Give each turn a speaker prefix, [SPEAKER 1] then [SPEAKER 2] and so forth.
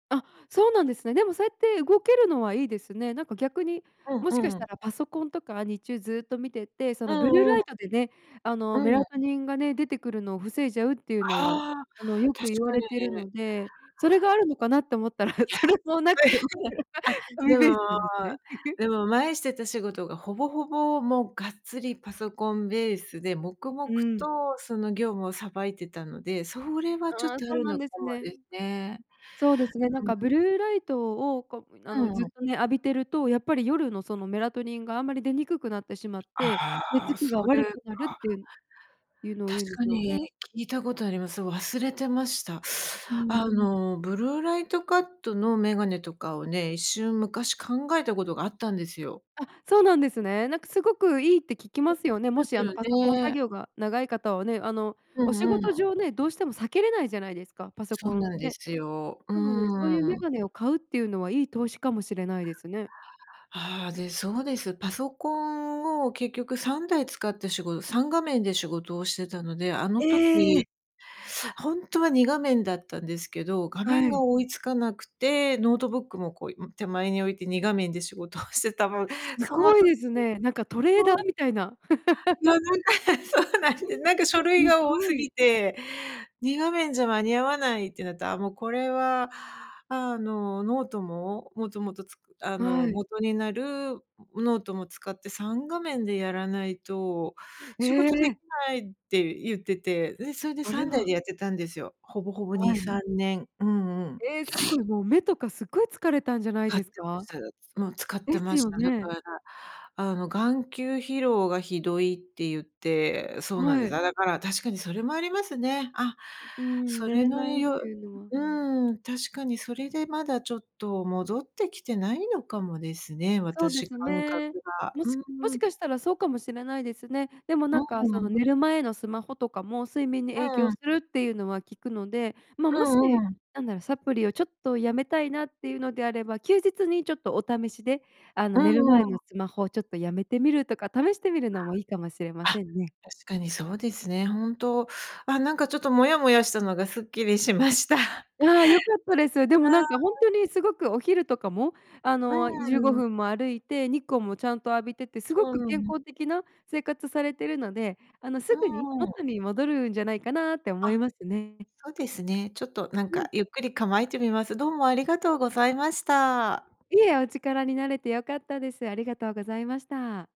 [SPEAKER 1] あ、そうなんですね。でも、そうやって動けるのはいいですね。なんか逆に、
[SPEAKER 2] う
[SPEAKER 1] もしか
[SPEAKER 2] ん
[SPEAKER 1] し
[SPEAKER 2] うん。
[SPEAKER 1] たらパソコンとか日中ずっと見てて、そ
[SPEAKER 2] う
[SPEAKER 1] のブルー
[SPEAKER 2] んう
[SPEAKER 1] ラ
[SPEAKER 2] ん。
[SPEAKER 1] イトでね、あ
[SPEAKER 2] う
[SPEAKER 1] のメ
[SPEAKER 2] ん。
[SPEAKER 1] ラトニンがね、出てくるのを防いじゃうっていうのは
[SPEAKER 2] ああ、
[SPEAKER 1] あの、よ
[SPEAKER 2] 確
[SPEAKER 1] く言わ
[SPEAKER 2] か
[SPEAKER 1] れている
[SPEAKER 2] に。
[SPEAKER 1] ので。それがあるのかなって思ったら、
[SPEAKER 2] や、
[SPEAKER 1] それもなく、
[SPEAKER 2] あ、
[SPEAKER 1] 海
[SPEAKER 2] で
[SPEAKER 1] ベース
[SPEAKER 2] も
[SPEAKER 1] なんですね。
[SPEAKER 2] でも前してた仕事がほぼほぼもうがっつりパソコンベースで、黙々
[SPEAKER 1] うん。
[SPEAKER 2] とその業務をさばいてたので、それはちょっ
[SPEAKER 1] ああ、
[SPEAKER 2] とあ
[SPEAKER 1] そう
[SPEAKER 2] る
[SPEAKER 1] なん
[SPEAKER 2] のか
[SPEAKER 1] です
[SPEAKER 2] も
[SPEAKER 1] ね。
[SPEAKER 2] ですね。
[SPEAKER 1] そうですね、なん
[SPEAKER 2] う
[SPEAKER 1] かブ
[SPEAKER 2] ん。
[SPEAKER 1] ルーライトをこう、あ
[SPEAKER 2] う
[SPEAKER 1] の、ず
[SPEAKER 2] ん
[SPEAKER 1] っ
[SPEAKER 2] うん。
[SPEAKER 1] とね、浴びてると、やっぱり夜のそのメラトニンがあんまり出にくくなってしまって、
[SPEAKER 2] あ
[SPEAKER 1] 寝つ
[SPEAKER 2] あ、
[SPEAKER 1] きが
[SPEAKER 2] そうで
[SPEAKER 1] 悪
[SPEAKER 2] す
[SPEAKER 1] くなるっ
[SPEAKER 2] か。
[SPEAKER 1] ていういうのを
[SPEAKER 2] 確
[SPEAKER 1] 言うんで
[SPEAKER 2] か
[SPEAKER 1] すよ
[SPEAKER 2] に
[SPEAKER 1] ね。
[SPEAKER 2] 聞いたことあります、そう、忘れてました。
[SPEAKER 1] うん。
[SPEAKER 2] あの、ブルーライトカットのメガネとかをね、一瞬昔考えたことがあったんですよ。
[SPEAKER 1] あ、そうなんですね。なんかすごくいいって聞きま
[SPEAKER 2] [unintelligible]
[SPEAKER 1] すよね、
[SPEAKER 2] ま
[SPEAKER 1] も
[SPEAKER 2] す
[SPEAKER 1] しあ
[SPEAKER 2] よ
[SPEAKER 1] のパソコン作
[SPEAKER 2] ね。
[SPEAKER 1] 業が長い方はね、あの、
[SPEAKER 2] う
[SPEAKER 1] お仕
[SPEAKER 2] んう
[SPEAKER 1] 事
[SPEAKER 2] ん。
[SPEAKER 1] 上ね、どうしても避けれないじゃないですか、パソ
[SPEAKER 2] そ
[SPEAKER 1] コ
[SPEAKER 2] う
[SPEAKER 1] ン
[SPEAKER 2] なんで
[SPEAKER 1] ね。
[SPEAKER 2] すよ。う
[SPEAKER 1] なので、そういう
[SPEAKER 2] ー
[SPEAKER 1] メ
[SPEAKER 2] ん。
[SPEAKER 1] ガネを買うっていうのは、いい投資かもしれないですね。
[SPEAKER 2] ああ。で、そうです。パソコンを結局3台使って仕事3画面で仕事をしてたので、あの
[SPEAKER 1] え
[SPEAKER 2] 時。
[SPEAKER 1] え。
[SPEAKER 2] ほんとは2画面だったんですけど、画
[SPEAKER 1] は
[SPEAKER 2] 面が
[SPEAKER 1] い。
[SPEAKER 2] 追いつかなくて、ノートブックもこう、ん、手前に置いて2画面で仕事をしてた分、
[SPEAKER 1] す
[SPEAKER 2] その
[SPEAKER 1] ご
[SPEAKER 2] 時
[SPEAKER 1] い
[SPEAKER 2] に
[SPEAKER 1] ですね。なんかトレーダ
[SPEAKER 2] そ
[SPEAKER 1] ー
[SPEAKER 2] う。
[SPEAKER 1] みたいな。
[SPEAKER 2] な なんか、え、そうなんです。なんか書
[SPEAKER 1] す
[SPEAKER 2] 類が多
[SPEAKER 1] ご
[SPEAKER 2] 過ぎ
[SPEAKER 1] い。
[SPEAKER 2] て、2画面じゃ間に合わないってなったら、あ、もう、これはあの、ノートも、もともとつくあ
[SPEAKER 1] は
[SPEAKER 2] の、
[SPEAKER 1] い。
[SPEAKER 2] 元になるノートも使って3画面でやらないと、
[SPEAKER 1] へ
[SPEAKER 2] 仕事でき
[SPEAKER 1] え。
[SPEAKER 2] ないって言ってて。で、それで
[SPEAKER 1] あ
[SPEAKER 2] さ
[SPEAKER 1] れ
[SPEAKER 2] んだいで
[SPEAKER 1] は。
[SPEAKER 2] やってたんですよ。ほぼほぼに
[SPEAKER 1] はい。
[SPEAKER 2] さんねん。うんうん。
[SPEAKER 1] ええ、すご い、もう目とかすごい疲れたんじゃない
[SPEAKER 2] 使っ
[SPEAKER 1] で
[SPEAKER 2] て
[SPEAKER 1] す
[SPEAKER 2] ま
[SPEAKER 1] か？
[SPEAKER 2] す。もう、使って
[SPEAKER 1] です
[SPEAKER 2] まし
[SPEAKER 1] よ
[SPEAKER 2] た。だか
[SPEAKER 1] ね。
[SPEAKER 2] ら、あの、眼球疲労がひどいって言って、そうなん
[SPEAKER 1] は
[SPEAKER 2] です。
[SPEAKER 1] い。
[SPEAKER 2] だから、確かにそれもありますね。あ、
[SPEAKER 1] うーん。
[SPEAKER 2] そ
[SPEAKER 1] 寝
[SPEAKER 2] れ
[SPEAKER 1] れ
[SPEAKER 2] の
[SPEAKER 1] ないって
[SPEAKER 2] よ
[SPEAKER 1] いうのは。
[SPEAKER 2] うーん、確かにそれでまだちょっと戻ってきてないのかもですね、
[SPEAKER 1] そうで
[SPEAKER 2] 私
[SPEAKER 1] す
[SPEAKER 2] 感覚
[SPEAKER 1] ね。
[SPEAKER 2] が。
[SPEAKER 1] も
[SPEAKER 2] う
[SPEAKER 1] しも
[SPEAKER 2] ー
[SPEAKER 1] し
[SPEAKER 2] ん。
[SPEAKER 1] かしたら、そうかもしれないですね。でも
[SPEAKER 2] う
[SPEAKER 1] なん
[SPEAKER 2] ん
[SPEAKER 1] か、
[SPEAKER 2] う
[SPEAKER 1] その
[SPEAKER 2] ん。
[SPEAKER 1] 寝る前のスマホとかも睡眠に影
[SPEAKER 2] う
[SPEAKER 1] 響
[SPEAKER 2] ん。
[SPEAKER 1] するっていうのは聞くので。ま、
[SPEAKER 2] う
[SPEAKER 1] もし、
[SPEAKER 2] んうん。
[SPEAKER 1] なんだろ、サプリをちょっとやめたいなっていうのであれば、休日にちょっとお試しで、あ
[SPEAKER 2] う
[SPEAKER 1] の、寝る
[SPEAKER 2] んうー
[SPEAKER 1] 前の
[SPEAKER 2] ん。
[SPEAKER 1] スマホをちょっとやめてみるとか試してみるのもいいかもしれま
[SPEAKER 2] あ、
[SPEAKER 1] せんね。
[SPEAKER 2] 確かにそうですね。本当。あ、なんかちょっとモヤモヤしたのがすっきりしました。
[SPEAKER 1] ああ、良かったです。で
[SPEAKER 2] う
[SPEAKER 1] も
[SPEAKER 2] ー
[SPEAKER 1] なんか、ほん
[SPEAKER 2] ん。
[SPEAKER 1] とにすごくお昼とかも、あ
[SPEAKER 2] う
[SPEAKER 1] の、じゅうご
[SPEAKER 2] ーん。
[SPEAKER 1] ふんも歩いて、日光もちゃんと浴びてて、す
[SPEAKER 2] う
[SPEAKER 1] ごく
[SPEAKER 2] ー
[SPEAKER 1] 健
[SPEAKER 2] ん。
[SPEAKER 1] 康的な生活されてるので、あの、
[SPEAKER 2] う
[SPEAKER 1] すぐに
[SPEAKER 2] ーん。
[SPEAKER 1] 元に戻るんじゃないかなって思
[SPEAKER 2] あ、
[SPEAKER 1] いますね。
[SPEAKER 2] そうですね。ちょっとなん
[SPEAKER 1] う
[SPEAKER 2] か、
[SPEAKER 1] ん。
[SPEAKER 2] ゆっくり構えてみます。どうもありがとうございました。
[SPEAKER 1] いえ、お力になれて良かったです。ありがとうございました。